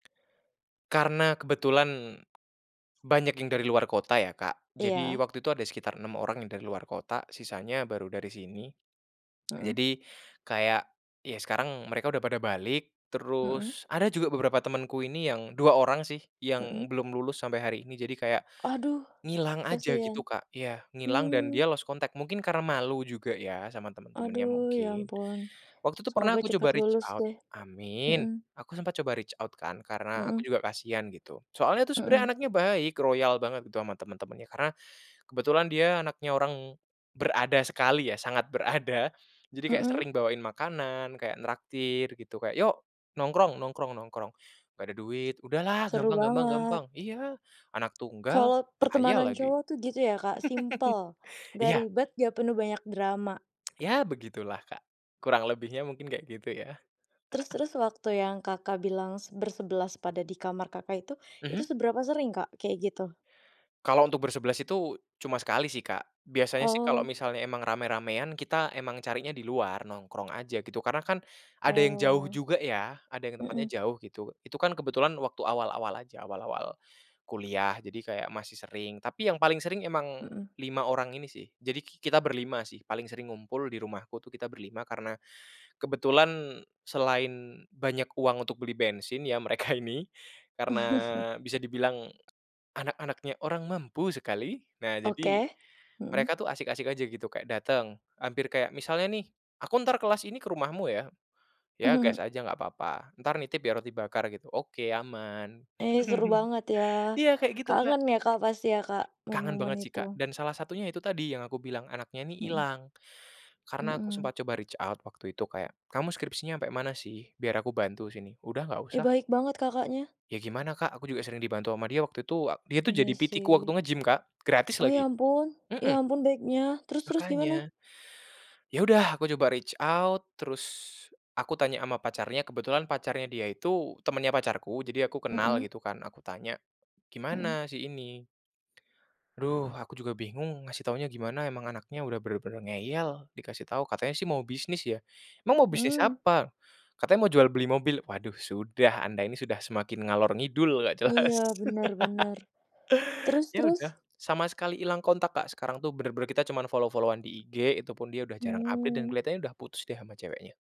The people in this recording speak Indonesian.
Karena kebetulan, banyak yang dari luar kota ya Kak jadi Iya. waktu itu ada sekitar 6 orang yang dari luar kota sisanya baru dari sini, Mhm. jadi kayak ya sekarang mereka udah pada balik Mhm. terus ada juga beberapa temenku ini yang 2 orang sih yang Mhm. belum lulus sampai hari ini jadi kayak, Aduh, ngilang aja kasihan, gitu Kak iya ngilang dan mmm. dia lost contact mungkin karena malu juga ya sama temen-temennya Aduh ya mungkin, ampun, waktu itu pernah semoga aku cepat coba reach lulus out deh, amin, mhm. aku sempat coba reach out kan karena aku Mhm. juga kasihan gitu soalnya tuh sebenarnya Mhm. anaknya baik royal banget gitu ama temen-temennya karena, kebetulan dia anaknya orang, berada sekali ya sangat berada, jadi kayak Mhm. sering bawain makanan kayak nraktir gitu kayak, "Yok nongkrong nongkrong nongkrong," "gak ada duit," "udahlah Seru gampang gampang banget. gampang" iya anak tunggal, Kalau kaya pertemanan lagi, cowok tuh gitu ya Kak simple, enggak iya. ribet gak penuh banyak drama. Ya begitulah Kak, kurang lebihnya mungkin kayak gitu ya. Terus-terus waktu yang Kakak bilang bersebelas pada di kamar Kakak itu itu Mhm. seberapa sering Kak kayak gitu? Kalau untuk bersebelas itu cuma sekali sih Kak biasanya sih kalau Oh. misalnya emang ramai-ramaian kita emang carinya di luar nongkrong aja gitu karena kan ada yang jauh Oh, juga ya ada yang tempatnya mhm. jauh gitu itu kan kebetulan waktu awal-awal aja awal-awal, kuliah jadi kayak masih sering tapi yang paling sering emang Mhm. 5 orang ini sih jadi ki kita berlima sih paling sering ngumpul di rumahku tuh kita berlima karena kebetulan selain banyak uang untuk beli bensin ya mereka ini, karena bisa dibilang, anak anaknya orang mampu sekali nah jadi, Oke, mhm. mereka tuh asik-asik aja gitu kayak dateng hampir kayak misalnya nih, aku entar kelas ini ke rumahmu ya, ya gas aja enggak apa apa entar nitip ya roti bakar gitu oke aman. Ih, seru banget ya, Iya kayak gitu, Kak. kangen ya Kak pasti ya Kak Kangen momen-momen banget sih itu. Kak dan salah satunya itu tadi yang aku bilang anaknya ini Mhm. hilang, karena aku Mhm. sempat coba reach out waktu itu kayak, "Kamu skripsinya ampe mana sih? Biar aku bantu sini," "udah nggak Ih, usah." baik banget Kakaknya. Ya gimana Kak? Aku juga sering dibantu ama dia waktu itu dia tuh jadi Iya PT-ku waktu sih. nge gym Kak gratis Oh lagi, ya ampun mhm. ya ampun baiknya terus terus gimana? Makanya. Ya udah aku coba reach out terus aku tanya ama pacarnya kebetulan pacarnya dia itu temennya pacarku jadi aku kenal Mhm. gitu kan aku tanya, Mhm. "Gimana si ini?" "Duh aku juga bingung ngasih taunya gimana emang anaknya udah bener-bener ngeyel dikasih tahu katanya sih mau bisnis ya," "emang mau bisnis Mmm. apa?" "Katanya mau jual beli mobil" waduh sudah anda ini sudah semakin ngalor ngidul enggak jelas. Iya benar benar, terus Ya terus? udah sama sekali hilang kontak Kak sekarang tuh bener-bener kita cuman follow-follow-an di Instagram itu pun dia udah jarang update dan Mmm. kelihatannya udah putus deh ama ceweknya.